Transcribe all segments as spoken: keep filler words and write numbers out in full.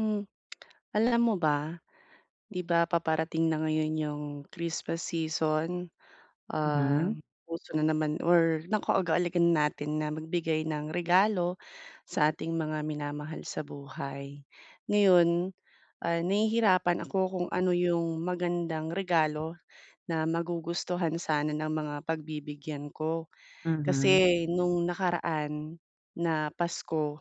Hmm, alam mo ba, 'di ba, paparating na ngayon 'yung Christmas season, ah, Mhm. uso na naman or nakaugalian natin na magbigay ng regalo sa ating mga minamahal sa buhay. Ngayon, ah, nahihirapan ako kung ano 'yung magandang regalo na magugustuhan sana ng mga pagbibigyan ko, Mhm. kasi nung nakaraan na Pasko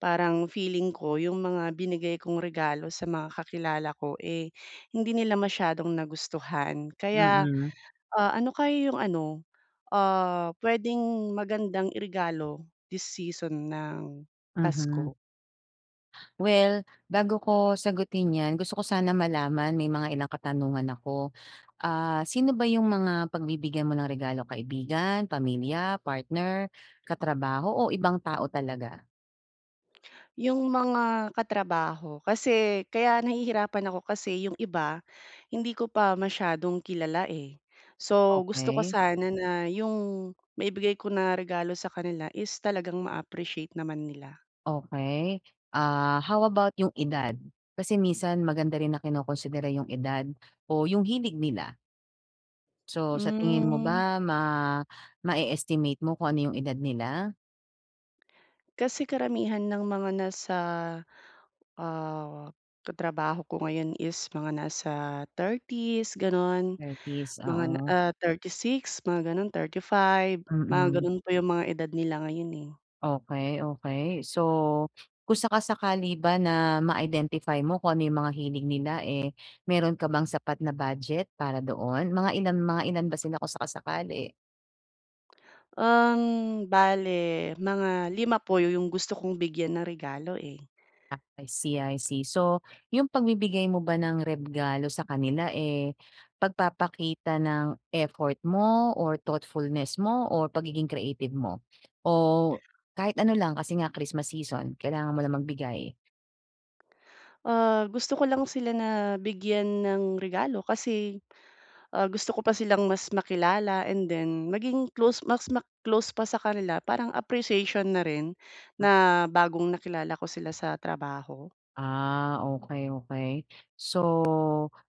parang feeling ko 'yung mga binigay kong regalo sa mga kakilala ko eh, hindi nila masyadong nagustuhan. Kaya, Mm. ah, ano kaya 'yung ano, ah, puwedeng magandang iregalo this season ng Mhm. Pasko? Well, bago ko sagutin 'yan, gusto ko sana malaman, may mga ilang katanungan ako. Ah, sino ba 'yung mga pagbibigyan mo ng regalo, kaibigan, pamilya, partner, katrabaho o ibang tao talaga? 'Yung mga katrabaho, kasi kaya nahihirapan ako kasi 'yung iba, hindi ko pa masyadong kilala eh. So gusto ko Okey. sana na 'yung maibigay ko na regalo sa kanila is talagang ma-appreciate naman nila. Okey. Ah, how about 'yung edad? Kasi minsan maganda rin na kinokonsidera 'yung edad o 'yung hilig nila. So sa tingin mo Mm. ba, ma, mae-estimate mo kung ano yung edad nila? Kasi karamihan ng mga nasa, ah, katrabaho ko ngayon is mga nasa thirties gano'n, thirties, mga na oo. ah, thirty-six, mga gano'n, thirty-five, mga Mm. gano'n po yung mga edad nila ngayon, eh. Okey, okey. So, kung saka-sakali ba na ma-identify mo kung ano yung mga hilig nila, eh, meron ka bang sapat na budget para doon? Mga ilan mga ilan ba sila, kung saka-sakali? Uhm, bale mga lima po yung gusto kong bigyan ng regalo, eh. Ah, I see, I see. So, yung pagbibigay mo ba ng regalo sa kanila, eh, pagpapakita ng effort mo or thoughtfulness mo or pagiging creative mo? O kahit ano lang, kasi nga Christmas season kailangan mo lang magbigay. Ah, gusto ko lang sila na bigyan ng regalo kasi, ah, gusto ko pa silang mas makilala and then maging close mas ma-close pa sa kanila parang appreciation na rin, na bagong nakilala ko sila sa trabaho. Ah, okey, okey. So,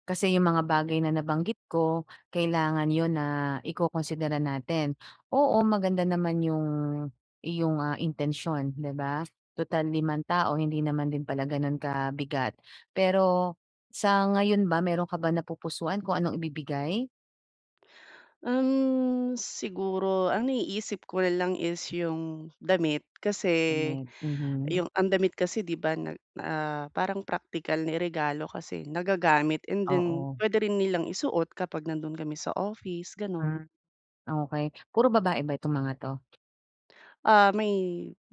kasi yung mga bagay na nabanggit ko, kailangan yun na ikokonsidera natin. Oo, maganda naman yung iyong, ah, intensyon, 'di ba? Total limang tao, hindi naman din pala gano'n kabigat. Pero sa ngayon ba, meron ka ba napupusuan kung anong ibibigay? Uhm, siguro ang naiisip ko na lang is yung damit. Kasi, Damit, mhm. yung ang damit kasi 'di ba, nag ah, parang praktikal niregalo kasi nagagamit. And then Oo. puwede rin nilang isuot kapag nandoon kami sa office, gano'n. Ah, okey. puro babae ba itong mga to? Ah, may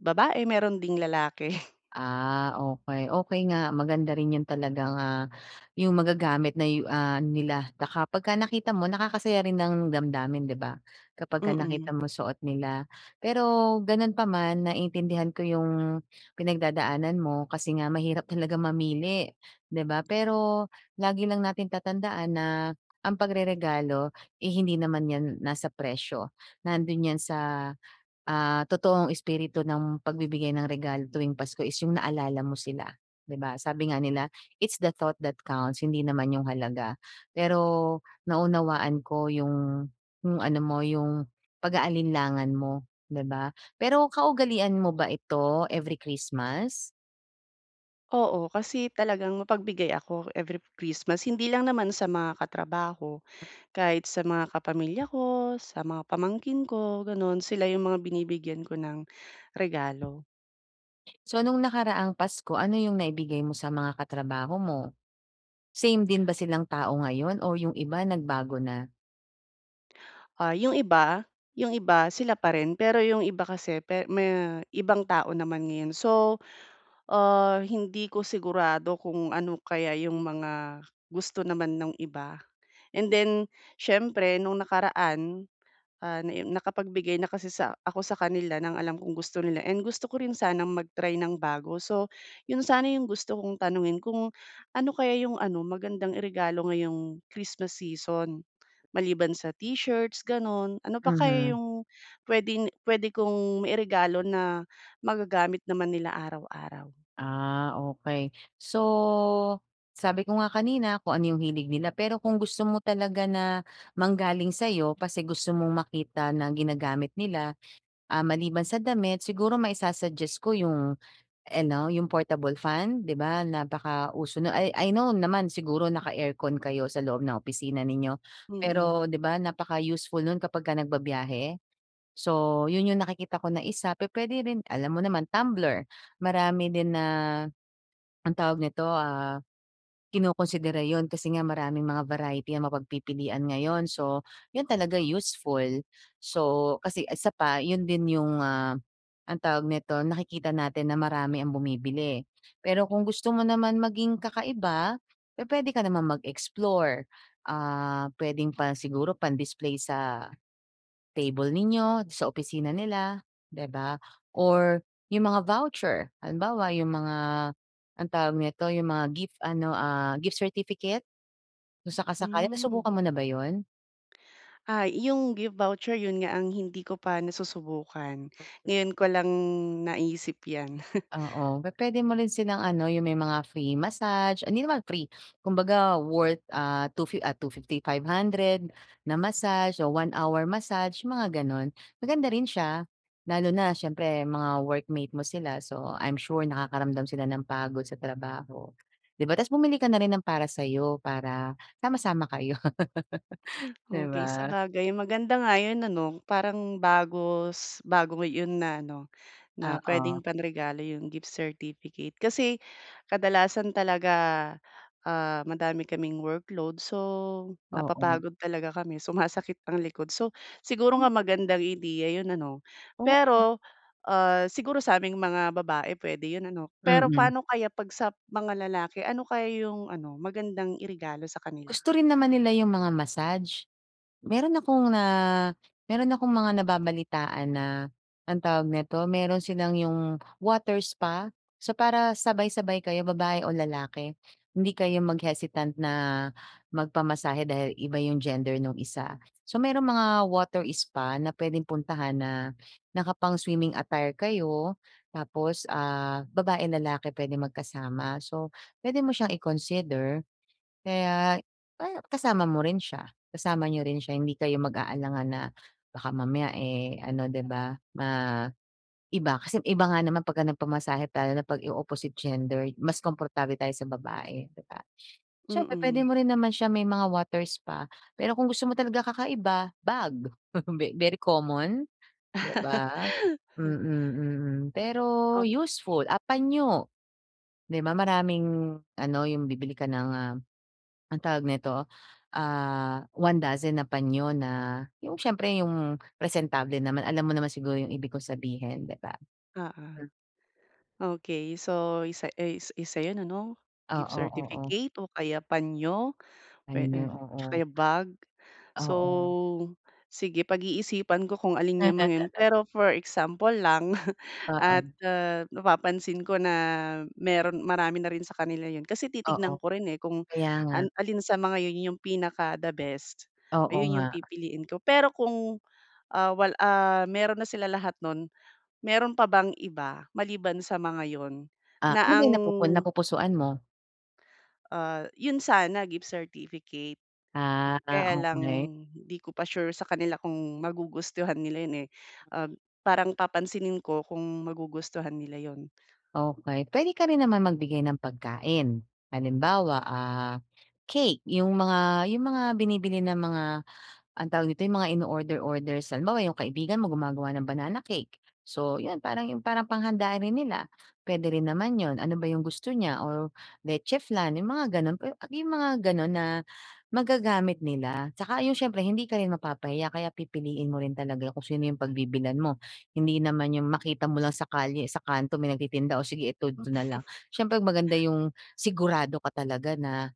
babae, meron ding lalaki. Ah, okey, okey nga. Maganda rin yun talagang ah, yung magagamit na yu ah, nila baka kapag nakita mo nakakasaya rin ng damdamin, 'di ba? Kapag Mm. nakita mo suot nila. Pero, gano'n pa man, naintindihan ko yung pinagdadaanan mo, kasi nga mahirap talaga mamili 'di ba, pero lagi lang natin tatandaan na ang pagreregalo, eh, hindi naman yan nasa presyo, nando'n yan sa, ah, totoong espiritu ng pagbibigay ng regalo tuwing Pasko, is yung naalala mo sila, 'di ba? Sabi nga nila, "It's the thought that counts", hindi naman yung halaga. Pero naunawaan ko yung yung ano mo, yung pag-aalinlangan mo, 'di ba. Pero kaugalian mo ba ito every Christmas? Oo, kasi talagang mapagbigay ako every Christmas. Hindi lang naman sa mga katrabaho, kahit sa mga kapamilya ko, sa mga pamangkin ko, gano'n. Sila yung mga binibigyan ko ng regalo. So nung nakaraang Pasko, ano yung naibigay mo sa mga katrabaho mo? Same din ba silang tao ngayon o yung iba nagbago na? Ah, yung iba, yung iba sila pa rin. Pero yung iba kasi pe me ibang tao naman ngayon. So, ah, hindi ko sigurado kung ano kaya yung mga gusto naman nung iba. And then, siyempre nung nakaraan, ah, na em nakapagbigay na kasi sa ako sa kanila ng alam kong gusto nila and gusto ko rin sanang mag-try ng bago. So, yun sana yung gusto kong tanungin kung ano kaya yung ano magandang iregalo ngayong Christmas season? Maliban sa t-shirts gano'n, ano pa kaya Mhm. yung puwedeng puwede kong mairegalo na magagamit naman nila araw-araw? Ah, okey. So, sabi ko nga kanina kung ano yung hilig nila pero kung gusto mo talaga na manggaling sa'yo kasi gusto mong makita na ginagamit nila. Ah, maliban sa damit, siguro maisusuggest ko yung eno yung portable fan. 'Di ba, napaka-uso nun I I know naman siguro naka-aircon kayo sa loob ng opisina ninyo, Mm. pero, 'di ba, napaka-useful nun kapagka nagbabiyahe? So, yun yung nakikita ko na isa, pupuwede rin alam mo naman tumbler. Marami din na, ang tawag nito, ah, kinokonsidera yun kasi nga maraming mga variety ang mapagpipilian ngayon. So, yun talaga useful. So, kasi isa pa yun din yung, ah, ang tawag nito, nakikita natin na marami ang bumibili. Pero kung gusto mo naman maging kakaiba, pupuwede ka naman mag-explore. Ah, puwedeng pa siguro pang display sa table ninyo, sa opisina nila, 'di ba, or yung mga voucher, halimbawa, yung mga, anong tawag nito, yung mga gift ano, ah, gift certificate. Kung saka-sakali Hmm. nasubukan mo na ba yun? Ah, 'yung gift voucher, 'yun nga ang hindi ko pa nasusubukan. [unintelligible] Ngayon ko lang, naisip 'yan. Oo, pu-pwede mo rin silang ano, yung may mga free massage hindi naman free. Kumbaga, worth, ah, two fi ah, two fifty, five hundred na massage o one hour massage, mga gano'n. Maganda rin siya. Lalo na siyempre, mga workmate mo sila. So, I'm sure nakakaramdam sila ng pagod sa trabaho, 'di ba? Tapos bumili ka na rin ng para sa'yo, para sama-sama kayo. 'Di Okey, ba? sabagay maganda nga 'yun ano. Parang bago s bago 'yun na ano, na puwedeng Oo. panregalo 'yong gift certificate. Kasi, kadalasan talaga, ah, madami kaming workload so, Oo. napapagod talaga kami, sumasakit ang likod. So, siguro M nga magandang ideya yun ano. Oh m Pero, ah, siguro sa aming mga babae puwede yun ano. Pero Mm. paano kaya 'pag sa mga lalake, ano kaya yung ano, magandang iregalo sa kanila? Gusto rin naman nila 'yung mga massage. Meron akong na, meron akong mga nababalitaan na ang tawag nito, meron silang 'yung water spa. So, para sabay-sabay kayo babae o lalaki. Hindi kayo mag-hesitant na magpamasahe dahil iba 'yung gender nung isa. So, meron mga water spa na pwedeng puntahan na naka pang swimming attire kayo tapos, ah, babae, lalaki pwede magkasama. So, pwede mo siyang i-consider. Kaya, pa kasama mo rin siya, kasama niyo rin siya. Hindi kayo mag-aalangan na baka mamaya, eh, ano 'di ba, maiba. Kasi iba nga naman pagka nagpamasahe tayo na 'pag yung opposite gender, mas komportable tayo sa babae, 'di ba. Siyempre, puwede Mm. mo rin naman siya may mga water spa, pero kung gusto mo talaga kakaiba- bag. Ve very common? 'Di ba? Mm, mm, pero Oh useful. Ah, panyo. 'Di ba maraming ano, 'yung bibili ka ng, ah, ang tawag nito, ah, one dozen na panyo na 'yung siyempre, 'yung presentable naman. Alam mo naman siguro yung ibig ko sabihin, 'di ba? Oo. Mm. Okey, so, isa ey isa 'yun ano? Gift Oo, oo. certificate o kaya panyo puwe Panyo, eh, tsaka oo. yung bag. So, Oo. sige pag-iisipan ko kung alin 'yang mga 'yan. Pero for example lang at, Oo. ah, napapansin ko na meron marami na rin sa kanila yun. Kasi Oo, titignan ko rin, eh, kung kaya nga. an alin sa mga yun yung pinaka the best, Oo ayun 'yung nga. pipiliin ko. Pero kung, ah, wal ah, meron na sila lahat nun, meron pa bang iba maliban sa mga 'yun Ah, ano ba na ang 'yung napupun napupusuan mo? Ah, yon sana gift certificate Ah, o ah, kaya lang okey. hindi ko pa sure sa kanila kung magugustuhan nila 'yon, eh. Uhm, parang papansinin ko kung magugustuhan nila yon. Okey. Puwede ka rin naman magbigay ng pagkain. Halimbawa, ah, cake yung mga, yung mga binibili ng mga, anong tawag dito, yung mga ino-order-order san halimbawa yung kaibigan mo gumagawa ng banana cake. So, 'yon parang yun parang panghanda rin nila, puwede rin naman 'yon. Ano ba yung gusto niya or leche flan, yung mga gano'n. We a yung mga ganon na, magagamit nila. 'Tsaka yung syempre hindi ka rin mapapahiya kaya pipiliin mo rin talaga kung sino yung pagbibilhan mo. Hindi naman yung makita mo lang sa kalye, sa kanto may nagtitinda, "Oh, sige ito d, ito na lang." siyempre maganda yung sigurado ka talaga na,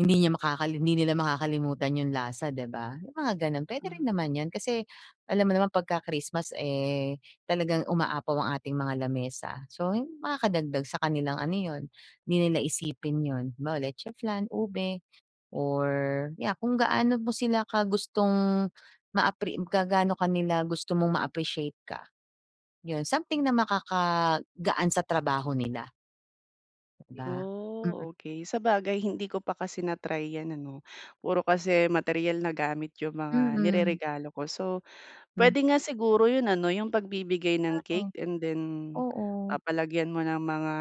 hindi niya makakali hindi nila makakalimutan yung lasa, di ba? Yung mga gano'n. Puwede rin Mm. naman 'yon. Kasi, alam mo naman pagka Christmas, eh, talagang umaapaw ang ating mga lamesa. So, hin makakadagdag sa kanilang ano yon, hindi nila iisipin yon. Halimbawa, leche flan, ube or yeah kung gaano mo sila ka gustong ma-appre ka gaano ka nila gusto mong ma-appreciate ka. 'Yon something na makakagaan sa trabaho nila. 'Di ba? Mm. Oh, okey. Sabagay hindi ko pa kasi na-try 'yan ano. Puro kasi materyal na gamit yung mga Mm. nireregalo ko. So, Mm. pwede nga siguro yun ano, yung pagbibigay Nga ng eh, cake and then oo. papalagyan mo ng mga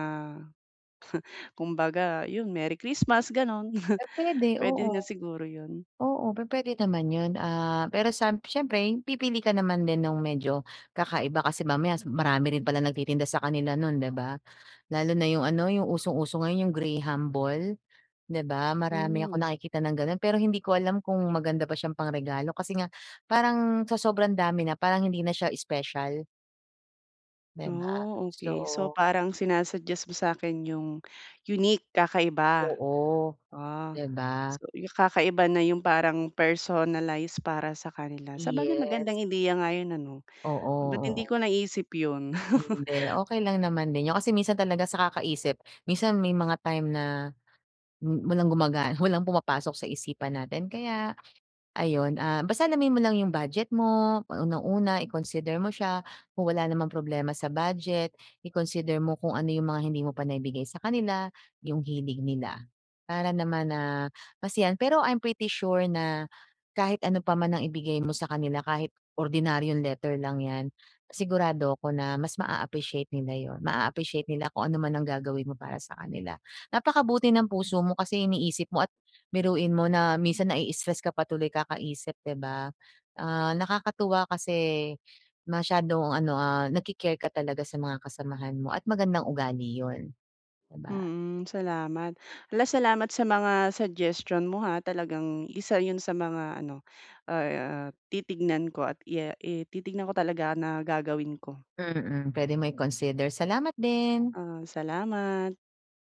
kumbaga yun, Merry Christmas, gano'n. Eh, puwede, Puwede oo. na siguro yun. Oo, pupwede naman yun, ah, pero samp siyempre, pipili ka naman din nung medyo kakaiba. Kasi mamaya, sum marami rin pala nagtitinda sa kanila nun, 'di ba? Lalo na yung ano, yung usong-uso ngayon, yung graham ball, 'di ba? Marami akong Hmm. nakikita ng gano'n, pero hindi ko alam kung maganda ba siyang pang-regalo kasi nga parang sa sobrang dami na, parang hindi na siya special. 'Di ba? Oh, okey. So, So parang sinasuggest mo sa'kin yung unique, kakaiba. Oo, Ah. 'di ba? So, yu kakaiba na yung parang personalize para sa kanila. Sabagay Yes. magandang ideya nga yun ano. Oo, Ba't hindi oo. ko naisip yun? Hindi, okey lang naman din yun. Kasi minsan talaga sa kakaisip, minsan may mga time na m walang gumagana, walang pumapasok sa isipan natin. Kaya, ayun, ah, basta alamin mo lang yung budget mo, unang-una, i-consider mo siya. Kung wala namang problema sa budget, i-consider mo kung ano yung mga hindi mo pa naibigay sa kanila, yung hilig nila, Para naman, ah, masiyahan. Pero I'm pretty sure na kahit ano pa man ang ibigay mo sa kanila, kahit ordinaryong letter lang 'yan, sigurado 'ko na mas maa-appreciate nila yun. Maa-appreciate nila kung ano man ang gagawin mo para sa kanila. Napakabuti ng puso mo kasi iniisip mo at biruin mo na minsan nai-i-stress ka pa tuloy kakaisip, 'di ba. Ah, nakakatuwa kasi masyadong ano, ah, nagki-care ka talaga sa mga kasamahan mo at magandang ugali yun, 'di ba? Mm, salamat. Hala, salamat sa mga suggestion mo ha. Talagang isa yun sa mga ano, ah, titignan ko at ya i titignan ko talaga na gagawin ko. Mm, pwede mo i-consider. Salamat din. Ah, salamat.